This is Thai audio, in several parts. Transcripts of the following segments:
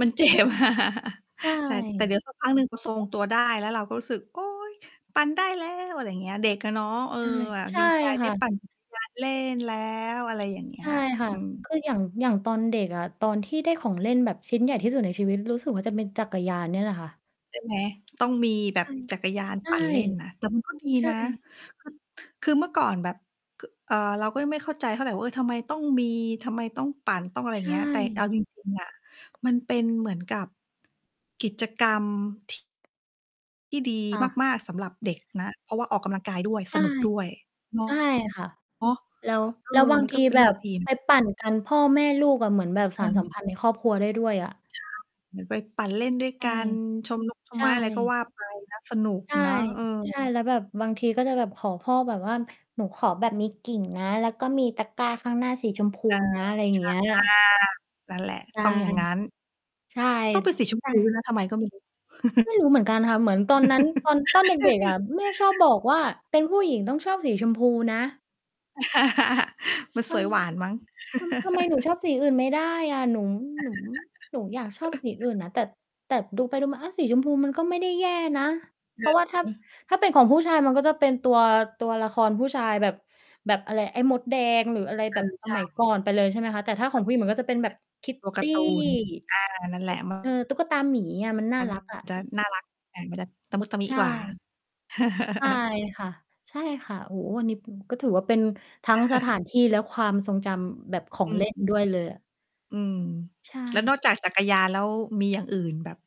มัน เจ็บ ใชแต่ แต่เดี๋ย่ ว สักพักหนึ่งก็ทรง ตัวได้ แล้วเราก็รู้สึก "โอ๊ย ปั่นได้แล้ว" อะไรอย่างเงี้ย เด็กอะเนาะ เออ ใช่ แบบใชด่ีใจไคด้ ่ปั่ะ นจักรยาน เล่นแล้ว อะไรอย่างเงี้ใชย ่ค่ะ อืม คืออย่าง อย่างตอนเด็กอะ ตอนที่ได้ของเล่นแบบชิ้นใหญ่ที่สุดในชีวิต รู้สึกว่าจะเป็นจักรยานนี่แหละค่ะ ใช่ไหม ต้องมีแบใชบ่ จักรยานใชป่ ั่นเล่นน่ะ แต่ มันก็ ดีใชนะ ่ คือ คือเมื่อก่อนแบบ ค เอ่อ เราก็ยังไม่เข้าใจเท่าไรว่า เออ ทำไมต้องมี ทำไมต้องปั่น ต้องอะไรใอยช่างเงี้ย แต่เอ่ า จริง ๆ อะ มันเป็นเหมือนกับ กิจกรรม ที่ ดีค่ะ มาก ๆ สำหรับเด็กนะ เพราะว่าออกกำลังกายด้วย ใชส่ นุกด้วย เนาใะ ช่ค่ะ แล้ว เออ แล้วบามงันทก็ ีเป็นแเบรื่องบดีนไปะ ปั่นกันพ่อแม่ลูกอะ เหมือนแบบสานสัมพันธ์ในครอบครัวได้ด้วยอะ ใช่ เหมือนไปปั่นเล่นด้วยใชก่ ัน ชม นก ชใมชไม้ อะไรก็่ ว่า ไปนะ สนุกใช่ เนาะ เออ ใช่ แล้วแบบบางทีก็จะแบบขอพ่อแบบว่า หนูขอแบบมีกริ่งนะ แล้วก็มีตะกร้าข้างหน้าสีชมพูเออ นะ อะไรอย่างเงี้ย ช อา นั่นแหละ ใช่ ต้องอย่างงั้น ใช่ ต้องเป็นสีชมใชพู ด้่ วยนะ ทำไมก็ไม่ รู้ ไม่รู้เหมือนกันค่ะ เหมือนตอนนั้น ตอน ตอนเด็ก ๆ อะ แม่ชอบบอกว่าเป็นผู้หญิงต้องชอบสีชมพูนะ มันทสวยหวานมั้ง ำ ทำ ทำไมหนูชอบสีอื่นไม่ได้อะ หนู หนู หนูอยากชอบสีอื่นนะ แต่ แต่ดูไปดูมา อะ สีชมพูมันก็ไม่ได้แย่นะ เเพราะว่าถ้า ออ ถ้าเป็นของผู้ชายมันก็จะเป็นตัว ตัวละครผู้ชายแบบ แบบอะไร ไอ้มดแดงหรืออะไรเอแบบอ สใช่ มัยก่อนไปเลย ใช่ไหมคะ แต่ถ้าของผู้หญิงมันก็จะเป็นแบบ ตัวกาKitty ร์ตูน อา นั่นแคหลิด ะ มัเออ น ตุ๊กตาหมีอะ มันน่ามัน รักอะ จะน่ารัก อะ มันจะตะมุตะมิใชกว่า ่ ใช่ค่ะ ใช่ค่ะ โอ้โฮ อันนี้เป็น ก็ถือว่าเป็นทั้งสถานที่ และความทรงจำแบบขอองเลื่นม ด้วยเลยอะ อืม ใชแล้วน่ อกจากจักรยานแล้ว มีอย่างอื่นแบบ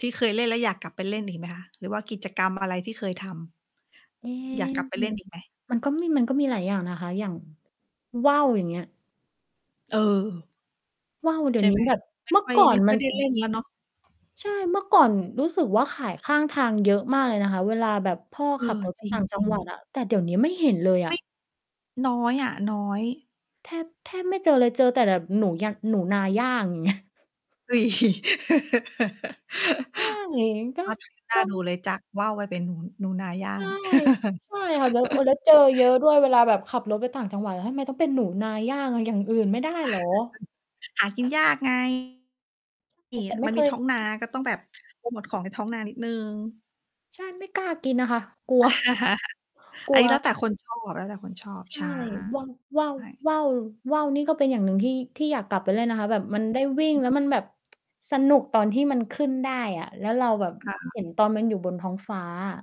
ที่เคยเล่นแล้วอยากกลับไปเล่นอีกไหมคะ? หรือว่ากิจกรรมอะไรที่เคยทำ? เอ๊ อยากกลับไปเลมั่นน อีกไหม? มันก็มี มันก็มีหลายอย่างนะคะ อย่างว่าว อย่างเงี้ย เออ ว่าวเดีใ๋ชย่วนไีห้ม แบบ ไม่เมื่คอ่อย ก่อไมน่ค่มอัย นได้เป็เน ล่นแล้วเนาะ ใช่ เมื่อก่อนรู้สึกว่าขายข้างทางเยอะมากเลยนะคะ เวลาแบบพ่อเอขับอ รถ ไป จรต่างจัิงง หวัๆ ดอะ แต่เดี๋ยวนี้ไม่เห็นเลยไอมะ ่ น้อยอะ น้อย แทบ แทบไม่เจอเลย เจอแต่แบบหนู ย หนูนาย่าง อย่าง เงี้ย อุ๊ย ใช่ ก็ [unintelligible] น่กา็ ดูเลย จากว่าวมาเป็นหนู หนูนาย่าใชง ่ ใช่ค่ะ แล้ว โอ้ แล้วเจอเยอะด้วย เวลาแบบขับรถไปต่างจังหวัดอะ ทำไมต้องเป็นหนูนาย่าง อย่างอื่นไม่ได้เหรอ? หากินยาก ไง เนแตี่ ่แต่ย ไมม่ันเคมีทย ้องนา ก็ต้องแบบโพรโมตของในท้องนานิดหนึ่ง ใช่ ไม่กล้ากินอะค่ะ กลัว กลอัันว นี้แล้วแต่คน ชอบ แล้วแต่คนชอบ ใชใช่ ่ ว่า ว่า ว่าว ว่าวนี่ก็เป็นอย่างหนึ่งที่ ที่อยากกลับไปเล่นนะคะ แบบมันได้วิ่ง [unintelligible] แล้วมันแบบ สนุกตอนที่มันขึ้นได้อะ แล้วเราแบบค่ะ เห็นตอนมันอยู่บนท้องฟ้าอะ